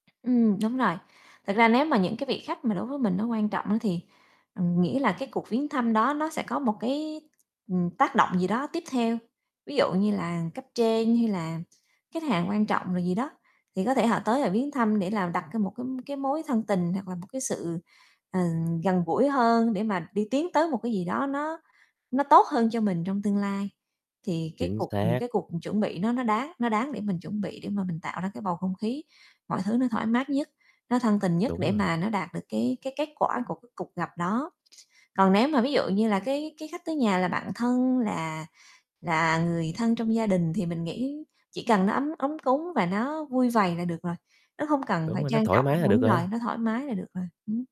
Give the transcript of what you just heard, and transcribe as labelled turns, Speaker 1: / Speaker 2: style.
Speaker 1: Ừm, đúng rồi. Thực ra nếu mà những cái vị khách mà đối với mình nó quan trọng á thì, ừm, nghĩa là cái cuộc viếng thăm đó nó sẽ có một cái, ừm, tác động gì đó tiếp theo. Ví dụ như là cấp trên, hay là khách hàng quan trọng rồi gì đó, thì có thể họ tới họ viếng thăm để là đặt ra một cái cái mối thân tình, hoặc là một cái sự, ờ, gần gũi hơn để mà đi tiến tới một cái gì đó nó nó tốt hơn cho mình trong tương lai. Thì cái
Speaker 2: Chính
Speaker 1: cuộc, ừm,
Speaker 2: xác.
Speaker 1: cái cuộc chuẩn bị nó nó đáng nó đáng để mình chuẩn bị để mà mình tạo ra cái bầu không khí, mọi thứ nó thoải mát nhất, nó thân tình nhất
Speaker 2: Đúng
Speaker 1: để
Speaker 2: rồi.
Speaker 1: mà nó đạt được cái cái kết quả của cái cuộc gặp đó. Còn nếu mà ví dụ như là cái cái khách tới nhà là bạn thân là là người thân trong gia đình thì mình nghĩ chỉ cần nó ấm ấm cúng và nó vui vầy là được rồi, nó không cần
Speaker 2: Đúng
Speaker 1: phải
Speaker 2: rồi, nó
Speaker 1: trang
Speaker 2: thoải
Speaker 1: trọng.
Speaker 2: mái là được
Speaker 1: Đúng rồi,
Speaker 2: rồi.
Speaker 1: nó thoải mái là được rồi. Ừm.